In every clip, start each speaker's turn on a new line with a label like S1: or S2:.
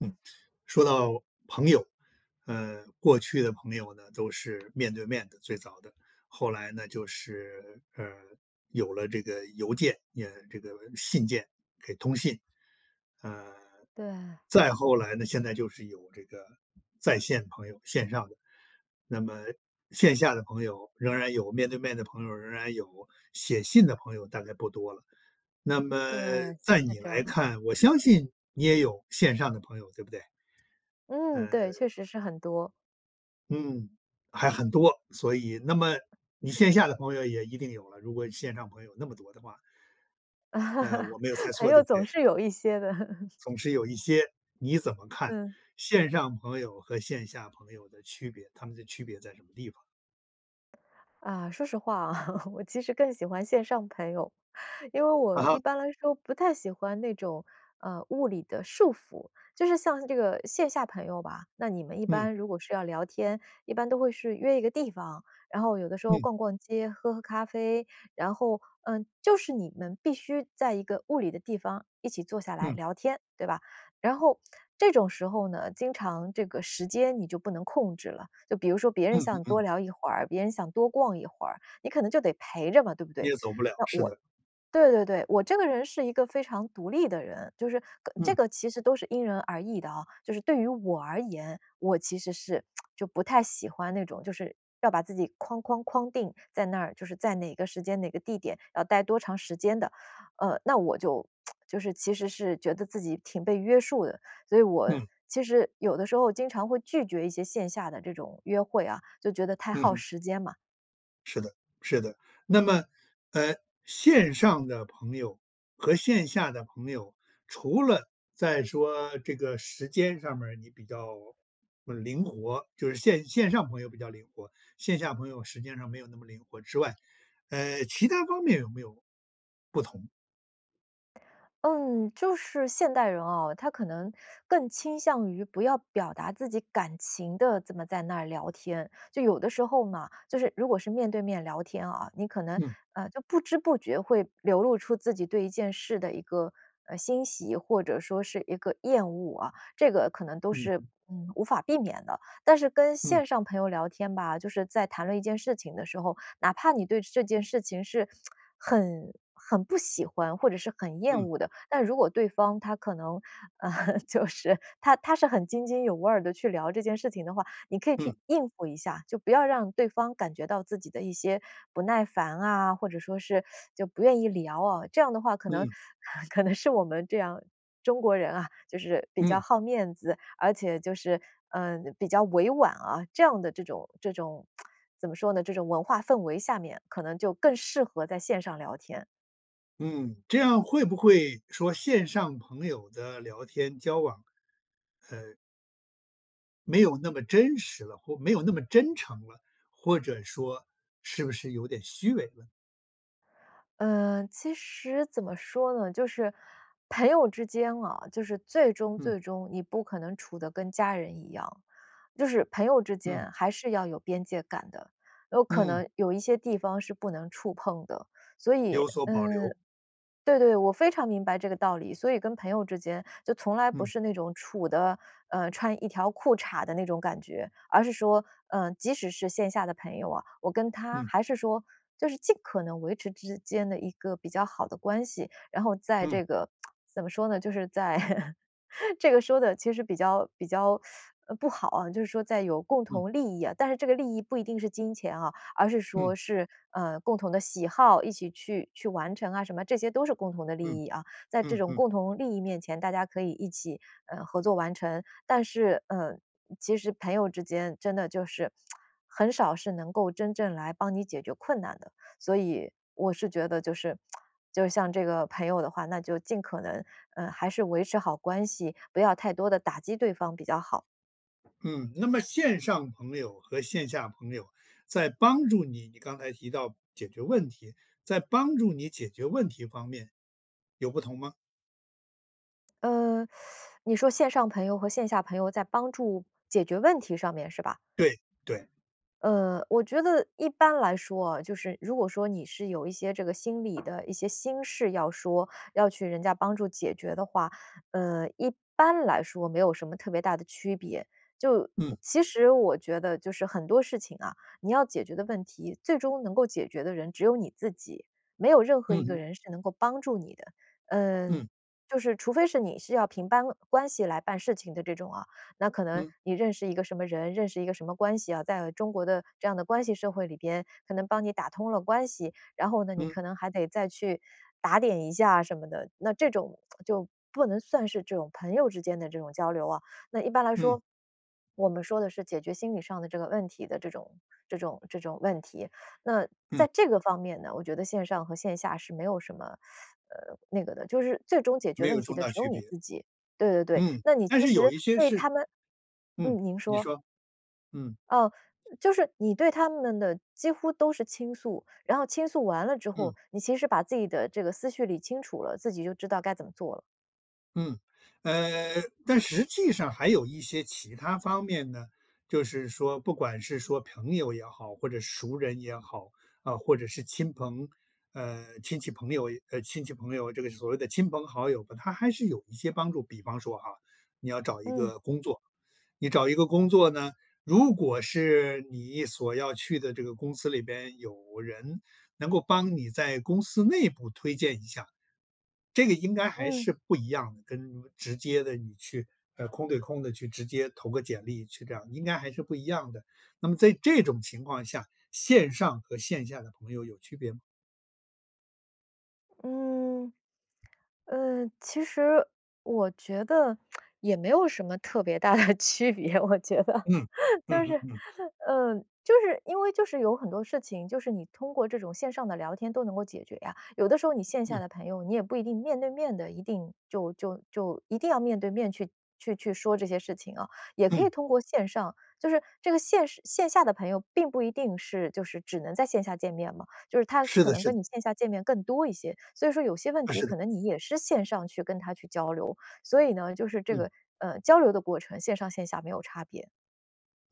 S1: 嗯，说到，朋友，呃，过去的朋友呢，都是面对面的最早的。后来呢就是，呃，有了这个邮件，也这个信件，给通信。呃，
S2: 对。
S1: 再后来呢，现在就是有这个，在线朋友，线上的。那么，线下的朋友仍然有面对面的朋友，仍然有，写信的朋友大概不多了。那
S2: 对，
S1: 么在
S2: 是
S1: 你
S2: 这样。
S1: 来看，我相信你也有线上的朋友，对不对？
S2: 嗯，
S1: 呃
S2: 对，确实是很多。
S1: 嗯，还很多。所以，那么你线下的朋友也一定有了，如果线上朋友那么多的话呃，我没有猜
S2: 朋
S1: 错对
S2: 友
S1: 不
S2: 总
S1: 对？
S2: 是有一些的。
S1: 总是有一些，你怎么看
S2: 嗯。
S1: 线上朋友和线下朋友的区别，他们的区别在什么地方？
S2: 啊，说实话啊，我其实更喜欢线上朋友。因为我
S1: 嗯
S2: 一
S1: 哼。
S2: 般来说，不太喜欢那种，呃，物理的束缚，就是像这个线下朋友吧，那你们一
S1: 嗯。
S2: 般如果是要聊天一般都会是约一个地方，然后有的时候
S1: 嗯。
S2: 逛逛街、喝喝咖啡，然后，呃，就是你们必须在一个物理的地方一起坐下来
S1: 嗯。
S2: 聊天，对吧？然后，这种时候呢，经常这个时间你就不能控制了。就比如说别人
S1: 嗯嗯
S2: 想多
S1: 嗯。
S2: 聊一会儿，别人想多逛一会儿，你可能就得陪着嘛，对不
S1: 你
S2: 对？
S1: 也走不了，
S2: 那
S1: 是
S2: 我
S1: 的。
S2: 对对对，我这个人是一个非常独立的人，就是个这
S1: 嗯。
S2: 个其实都是因人而异的啊。就是对于我而言，我其实是 就不太喜欢那种，就是要把自己框框框定在那儿，就是在哪个时间哪个地点要待多长时间的。呃，那我就 就是其实是觉得自己挺被约束的，所以我，
S1: 嗯。
S2: 其实有的时候经常会拒绝一些线下的这种约会啊，就觉得太
S1: 嗯
S2: 耗
S1: 哼。
S2: 时间嘛。
S1: 是的是的，那么，
S2: 嗯。
S1: 呃，线上的朋友和线下的朋友除了在说这个时间上面儿你比较，嗯，灵活，就是线线上朋友比较灵活，线下朋友时间上没有那么灵活之外，呃，其它方面有没有不同？
S2: 嗯，就是现代人啊，他可能更倾向于不要表达自己感情的，这么在那儿聊天。就有的时候嘛就是如果是面对面聊天啊，你可能
S1: 嗯。
S2: 呃，就不知不觉会流露出自己对一件事的一个，呃，欣喜，或者说是一个厌恶啊，这个可能都
S1: 嗯
S2: 是，
S1: 哼。
S2: 嗯，无法避免的。但是跟
S1: 嗯。
S2: 线上朋友聊天吧，就是在谈论一件事情的时候，哪怕你对这件事情是 很很不喜欢，或者是很厌
S1: 嗯。
S2: 恶的，但如果对方他可能 就是他他是很津津有味儿地去聊这件事情的话，你可以
S1: 嗯。
S2: 去应付一下。就不要让对方感觉到自己的一些不耐烦啊，或者说是 就不愿意聊啊。这样的话可能
S1: 嗯。
S2: 可能是我们这样中国人啊，就是比较
S1: 嗯。
S2: 好面子，而且就是，嗯，比较委婉啊，这样的这种这种 怎么说呢，这种文化氛围下面，可能就更适合在线上聊天。
S1: 嗯，这样会不会，说线上朋友的聊天交往，呃没有那么真实了，或没有那么真诚了，或者说是不是有点虚伪呢？
S2: 呃，其实，怎么说呢？就是，朋友之间啊，就是最终
S1: 嗯。
S2: 最终你不可能处得跟家人一样。就是朋友之
S1: 嗯。
S2: 间还是要有边界感的，有可
S1: 嗯。
S2: 能有一些地方是不能触碰的。所以，
S1: 有所保
S2: 呃
S1: 留。
S2: 对对，我非常明白这个道理。所以跟朋友之间就从来不
S1: 嗯。
S2: 是那种处得，呃，穿一条裤衩儿的那种感觉，而是说，呃，即使是线下的朋友啊，我跟他
S1: 嗯。
S2: 还是说，就是尽可能维持之间的一个比较好的关系。然后在
S1: 嗯。
S2: 这个 怎么说呢？就是在 这个说得其实比较比较 不好啊，就是说在有共
S1: 嗯。
S2: 同利益啊，但是这个利益不一定是金钱啊，而是说
S1: 嗯。
S2: 是，呃，共同的喜好，一起去去完成啊什么这些都是共同的
S1: 嗯，
S2: 利益啊。在这
S1: 嗯
S2: 种
S1: 嗯。
S2: 共同利益面前，大家可以一起，呃，合作完成。但是，嗯，其实朋友之间真的就是 很少是能够真正来帮你解决困难的。所以，我是觉得就是，就像这个朋友的话，那就尽可能，呃，还是维持好关系，不要太多地打击对方比较好。
S1: 嗯，那么线上朋友和线下朋友在帮助你你刚才提到解决问题，在帮助你解决问题方面有不同吗？
S2: 嗯，你说线上朋友和线下朋友在帮助解决问题上面是吧？
S1: 对，对。
S2: 呃，我觉得一般来说哦，就是如果说你是有一些这个心理的一些心事要说，要去人家帮助解决的话，呃，一般来说没有什么特别大的区别。就
S1: 嗯。
S2: 其实我觉得就是很多事情啊，你要解决的问题，最终能够解决的人只有你自己，没有任何
S1: 嗯
S2: 一个
S1: 哼。
S2: 人是能够帮助你的。呃，
S1: 嗯。
S2: 就是除非是你是要凭班关系来办事情的这种啊，那可能
S1: 嗯。
S2: 你认识一个什么人，认识一个什么关系啊，在中国的这样的关系社会里边可能帮你打通了关系，然后呢，你
S1: 嗯。
S2: 可能还得再去打点一下啊什么的，那这种 就不能算是这种朋友之间的这种交流啊。那一般来
S1: 嗯。
S2: 说，我们说的是解决心理上的这个问题的这种这种这种问题，那
S1: 嗯。
S2: 在这个方面呢，我觉得线上和线下是没有什么，呃，那个的，就是最终解决
S1: 没
S2: 问
S1: 有
S2: 题
S1: 重
S2: 的
S1: 大
S2: 只有
S1: 区
S2: 你
S1: 别。
S2: 自己。对对对，
S1: 嗯，
S2: 那你
S1: 但
S2: 其
S1: 是
S2: 实
S1: 有一些
S2: 对他
S1: 是
S2: 们
S1: 嗯，
S2: 嗯，您
S1: 你
S2: 说。
S1: 说，嗯。
S2: 哦。就是你对他们的几乎都是倾诉。然后倾诉完了之
S1: 嗯。
S2: 后，你其实把自己的这个思绪理清楚了，自己就知道该怎么做了。
S1: 嗯，呃，但实际上还有一些其它方面呢，就是说不管是说朋友也好，或者是熟人也好，啊，或者是亲朋呃，亲戚朋友也呃，亲戚朋友，这个所谓的亲朋好友吧，他还是有一些帮助，比方说哈，你要找一
S2: 嗯。
S1: 个工作。你找一个工作呢，如果是你所要去的这个公司里边有人能够帮你在公司内部推荐一下。这个应该还
S2: 嗯。
S1: 是不一样的，跟直接地你去，呃，空对空地去直接投个简历去这样，应该还是不一样的。那么在这种情况下，线上和线下的朋友有区别吗？
S2: 嗯。呃，其实我觉得 也没有什么特别大的区别，我觉得。
S1: 嗯，嗯
S2: 就是
S1: 嗯嗯。
S2: 呃，就是因为就是有很多事情，就是你通过这种线上的聊天都能够解决呀，有的时候你线下
S1: 嗯。
S2: 的朋友，你也不一定面对面地一定就就就一定要面对面去去去去说这些事情啊，也可以
S1: 嗯。
S2: 通过线上。就是这个线上线下的朋友并不一定是就是只能在线下见面嘛，就是他
S1: 是
S2: 可
S1: 的
S2: 能
S1: 是
S2: 跟
S1: 的。
S2: 你线下见面更多一些，所以说有些问
S1: 啊，
S2: 题
S1: 是的。
S2: 可能你也是线上去跟他去交流。所以呢，就是这
S1: 嗯。
S2: 个，呃，交流的过程，线上线下没有差别。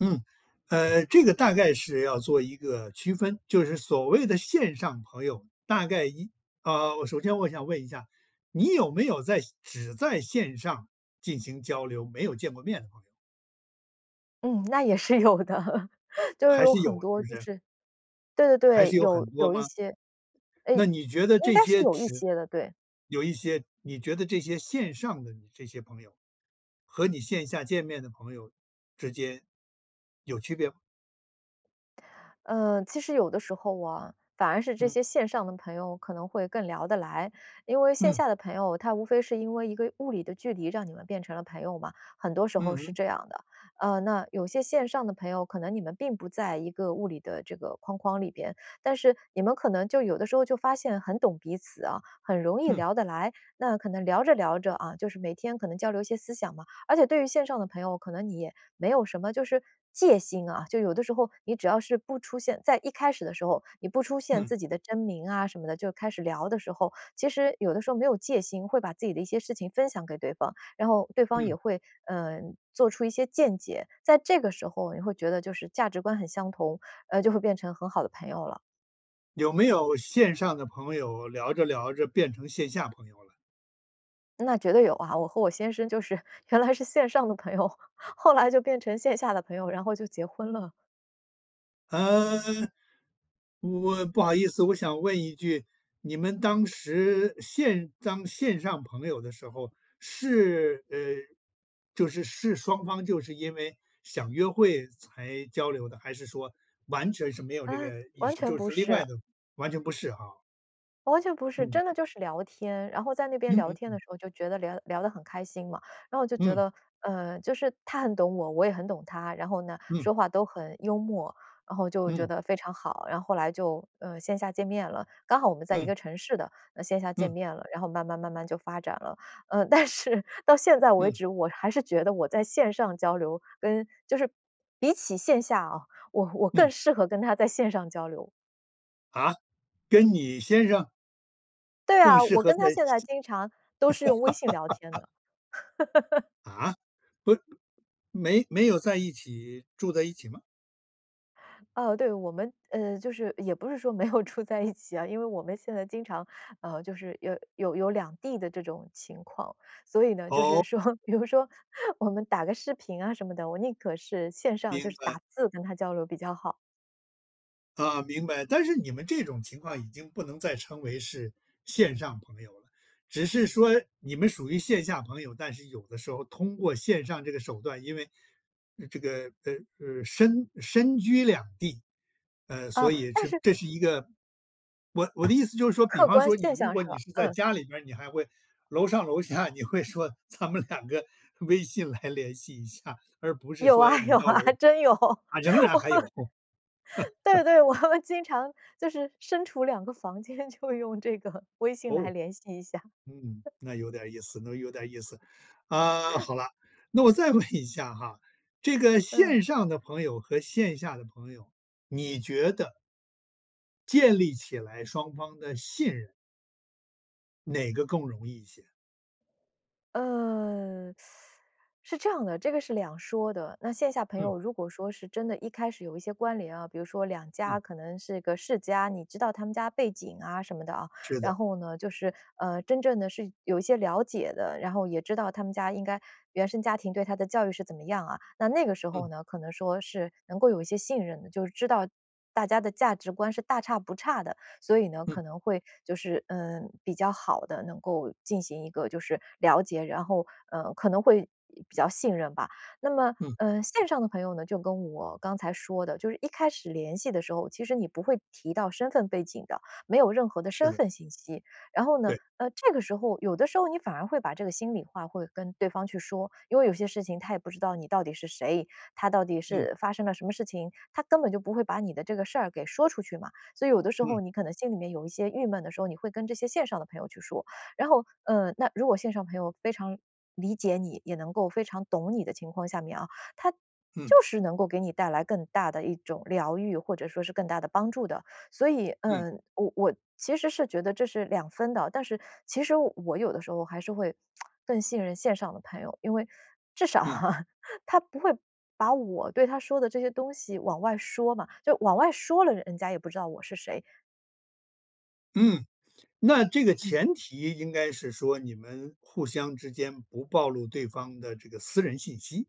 S1: 嗯。呃，这个大概是要做一个区分，就是所谓的线上朋友大概一啊，我首先我想问一下，你有没有在只在线上进行交流，没有见过面的朋友？
S2: 嗯，那也是有的。就是
S1: 还
S2: 有
S1: 是有，
S2: 很
S1: 是
S2: 多
S1: 不
S2: 就
S1: 是？
S2: 是对对
S1: 还
S2: 对，
S1: 是有
S2: 有
S1: 很多
S2: 有一
S1: 吗？
S2: 些哎，
S1: 那你觉得
S2: 应
S1: 这
S2: 该是
S1: 些
S2: 有一
S1: 指
S2: 些的，对。
S1: 有一些，你觉得这些线上的你这些朋友，和你线下见面的朋友之间，有区别吗？
S2: 嗯，其实有的时候啊，反而是这
S1: 嗯。
S2: 些线上的朋友可能会更聊得来。因为线
S1: 嗯。
S2: 下的朋友，他无非是因为一个物理的距离让你们变成了朋友嘛，很多时候
S1: 嗯
S2: 是
S1: 哼。
S2: 这样的。呃，那有些线上的朋友，可能你们并不在一个物理的这个框框里边，但是你们可能就有的时候就发现很懂彼此啊，很容易
S1: 嗯。
S2: 聊得来，那可能聊着聊着，啊，就是每天可能交流一些思想嘛。而且对于线上的朋友，可能你也没有什么就是戒心啊，就有的时候，你只要是不出现在一开始的时候，你不出现
S1: 嗯。
S2: 自己的真名啊什么的，就开始聊的时候，其实有的时候没有戒心，会把自己的一些事情分享给对方，然后对方也
S1: 嗯。
S2: 会，呃，做出一些见解，在这个时候你会觉得就是价值观很相同，呃，就会变成很好的朋友了。
S1: 有没有线上的朋友聊着聊着变成线下朋友了？
S2: 那绝对有啊，我和我先生就是原来是线上的朋友，后来就变成线下的朋友，然后就结婚了。
S1: 呃，我不好意思，我想问一句，你们当时线当线上朋友的时候，是，呃，就是，是双方就是因为想约会才交流的，还是说完全是没有
S2: 啊，
S1: 这个意
S2: 完
S1: 识，
S2: 全
S1: 就
S2: 不
S1: 是另
S2: 是。
S1: 外的，完全不是哈。
S2: 完全不是，
S1: 嗯。
S2: 真的就是聊天。然后在那边
S1: 嗯
S2: 聊
S1: 嗯
S2: 天的
S1: 嗯。
S2: 时候就觉得聊聊得很开心嘛。然后我就觉
S1: 嗯。
S2: 得，呃，就是他很懂我，我也很懂他，然后呢，
S1: 嗯。
S2: 说话都很幽默。然后就觉
S1: 嗯。
S2: 得非常好，然后后来就，呃，线下见面了。刚好我们在一
S1: 嗯。
S2: 个城市的，呃线下见
S1: 嗯。
S2: 面了。然后慢慢慢慢就发展了。呃，但是到现在为
S1: 嗯。
S2: 止，我还是觉得我在线上交流，跟就是比起线下啊，我我更
S1: 嗯。
S2: 适合跟他在线上交流。
S1: 啊？跟你先生？
S2: 对
S1: 更
S2: 啊，
S1: 适
S2: 我
S1: 合
S2: 跟他
S1: 在
S2: 现在
S1: 是
S2: 经常都是用微信聊天 的。
S1: 啊？不，没没有在一起，住在一起吗？
S2: 啊，对，我们，呃，就是也不是说没有住在一起啊，因为我们现在经常，呃，就是有有有两地的这种情况。所以呢，就是
S1: 哦。
S2: 说比如说 我们打个视频啊什么的，我宁可是线上就
S1: 明
S2: 是
S1: 白。
S2: 打字跟他交流比较好。
S1: 啊，明白。但是你们这种情况已经不能再称为是线上朋友了。只是说你们属于线下朋友，但是有的时候通过线上这个手段，因为这个，呃，呃，身身居两地。呃，所
S2: 啊，
S1: 以
S2: 但
S1: 这
S2: 是
S1: 这是一个我我的意思就是说，比
S2: 客
S1: 方
S2: 观
S1: 说你
S2: 现
S1: 如
S2: 象
S1: 果
S2: 是
S1: 你
S2: 吧？
S1: 是在
S2: 嗯。
S1: 家里边，你还会楼上楼下你会说：“咱们两个微信来联系一下。”而不是
S2: 有
S1: 说；
S2: 啊，
S1: “你
S2: 有
S1: 到
S2: 啊，
S1: 楼”
S2: 真有，我
S1: 啊，仍然还有。
S2: 对对，我 们经常就是身处2个房间，就用这个微信来
S1: 哦，
S2: 联系一下。
S1: 嗯，那有点意思那有点意思。啊，好了，那我再问一下哈，这个
S2: 嗯。
S1: 线上的朋友和线下的朋友，你觉得建立起来双方的信任。哪个更容易一些？
S2: 呃，是这样的，这个是两说的。那线下朋
S1: 嗯。
S2: 友如果说是真的一开始有一些关联啊，比如说两家
S1: 嗯。
S2: 可能是个世家，你知道他们家背景啊什么的，啊，
S1: 是
S2: 然
S1: 的。
S2: 后呢就是，呃，真正的是有一些了解的，然后也知道他们家应该原生家庭对他的教育是怎么样啊，那那个时候
S1: 嗯。
S2: 呢，可能说是能够有一些信任的，就是知道大家的价值观是大差不差的。所以呢，
S1: 嗯。
S2: 可能会就是，嗯，比较好的能够进行一个就是了解，然后，呃，可能会比较信任吧。那么，
S1: 嗯。
S2: 呃，线上的朋友呢，就跟我刚才说的，就是一开始联系的时候，其实你不会提到身份背景的，没有任何的
S1: 是
S2: 身
S1: 的。
S2: 份信息。然后呢，
S1: 对。
S2: 呃，这个时候有的时候你反而会把这个心里话会跟对方去说，因为有些事情他也不知道你到底是谁，他到底
S1: 嗯。
S2: 是发生了什么事情，他根本就不会把你的这个事儿给说出去嘛。所以有的时候
S1: 嗯。
S2: 你可能心里面有一些郁闷的时候，你会跟这些线上的朋友去说，然后，嗯，那如果线上朋友非常理解你，也能够非常懂你的情况下面啊，他
S1: 嗯。
S2: 就是能够给你带来更大的一种疗愈，或者说是更大的帮助的。所以，
S1: 嗯。
S2: 呃，我我其实是觉得这是两分的，但是其实我有的时候还是会 更信任线上的朋友，因为 至少
S1: 嗯。
S2: 啊，他不会把我对他说的这些东西往外说嘛，就往外说了，人家也不知道我是谁。
S1: 嗯。那这个
S2: 嗯。
S1: 前提应该是说，你们互相之间不暴露对方的这个私人信息。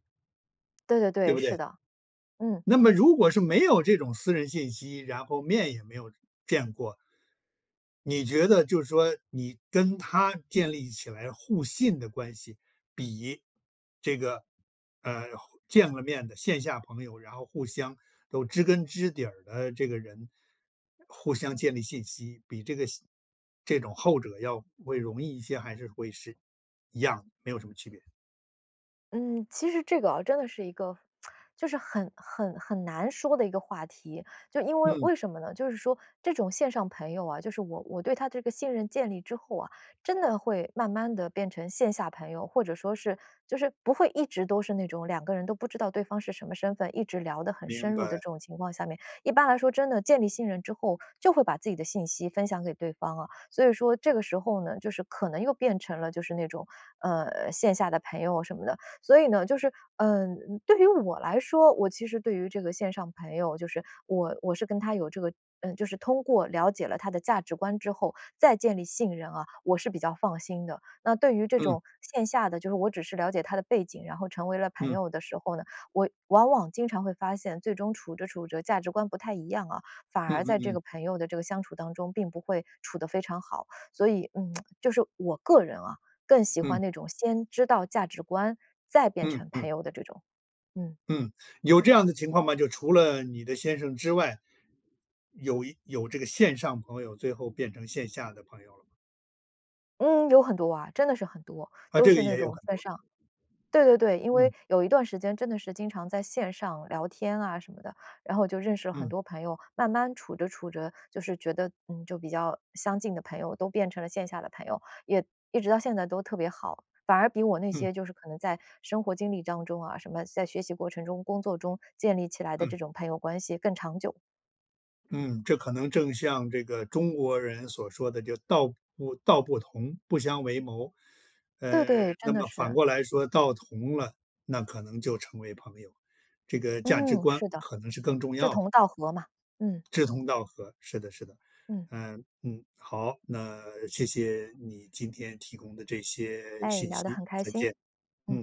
S2: 对对
S1: 对
S2: 对，
S1: 不
S2: 是
S1: 对？
S2: 的，嗯。
S1: 那么如果是没有这种私人信息，然后面也没有见过，你觉得就是说你跟他建立起来互信的关系，比这个，呃，后见了面的线下朋友，然后互相都知根知底儿的这个人，互相建立信息，比这个西这种后者要会容易一些，还是会是一样，没有什么区别？
S2: 嗯，其实这个啊，真的是一个，就是很很很难说的一个话题。就因为
S1: 嗯。
S2: 为什么呢？就是说这种线上朋友啊，就是我我对他这个信任建立之后啊，真的会慢慢地变成线下朋友，或者说是就是不会一直都是那种两个人都不知道对方是什么身份，一直聊得很深
S1: 明
S2: 入的
S1: 白。
S2: 这种情况下面。一般来说真的，建立信任之后，就会把自己的信息分享给对方啊，所以说这个时候呢，就是可能又变成了就是那种，呃，线下的朋友什么的。所以呢，就是，嗯，嗯，对于我来说，我其实对于这个线上朋友，就是我我是跟他有这个嗯，就是通过了解了他的价值观之后，再建立信任啊，我是比较放心的。那对于这
S1: 嗯。
S2: 种线下的，就是我只是了解他的背景，然后成为了朋
S1: 嗯。
S2: 友的时候呢，我往往经常会发现，最终处着处着价值观不太一样啊。反
S1: 嗯
S2: 而
S1: 嗯
S2: 在这个
S1: 嗯。
S2: 朋友的这个相处当中并不会处得非常好，所以，嗯，就是我个人啊，更喜欢
S1: 嗯。
S2: 那种先知道价值观再变
S1: 嗯，
S2: 成
S1: 嗯。
S2: 朋友的这种。嗯。
S1: 嗯，有这样的情况吗？就除了你的先生之外，有一有这个线上朋友，最后变成线下的朋友了吗？
S2: 嗯，有很多啊，真的是很多，
S1: 啊，
S2: 都
S1: 这
S2: 是
S1: 个
S2: 那
S1: 也有
S2: 种
S1: 很
S2: 线
S1: 多。
S2: 上。对对对，因
S1: 嗯。
S2: 为有一段时间真的是经常在线上聊天啊什么的，然后就认识了很
S1: 嗯。
S2: 多朋友，慢慢处着处着，就是觉得，嗯，就比较相近的朋友都变成了线下的朋友，也一直到现在都特别好。反而比我那
S1: 嗯。
S2: 些就是可能在生活经历当中啊，什么在学习过程中、工作中建立起来的
S1: 嗯。
S2: 这种朋友关系更长久。
S1: 嗯，这可能正像这个中国人所说的就“道不”“道不同，不相为谋”。
S2: 对
S1: 呃，
S2: 对，真
S1: 那
S2: 的
S1: 么反
S2: 是。
S1: 过来说道同了，那可能就成为朋友，这个价值
S2: 嗯，
S1: 观
S2: 是的，
S1: 可能是更重
S2: 志
S1: 要的。
S2: 同道合嘛，嗯。
S1: 志同道合，是的是的。
S2: 嗯。
S1: 嗯，嗯，好，那谢谢你天提供的这些
S2: 哎，
S1: 信
S2: 聊得
S1: 息，
S2: 很开
S1: 再
S2: 心，
S1: 见，嗯。
S2: 嗯。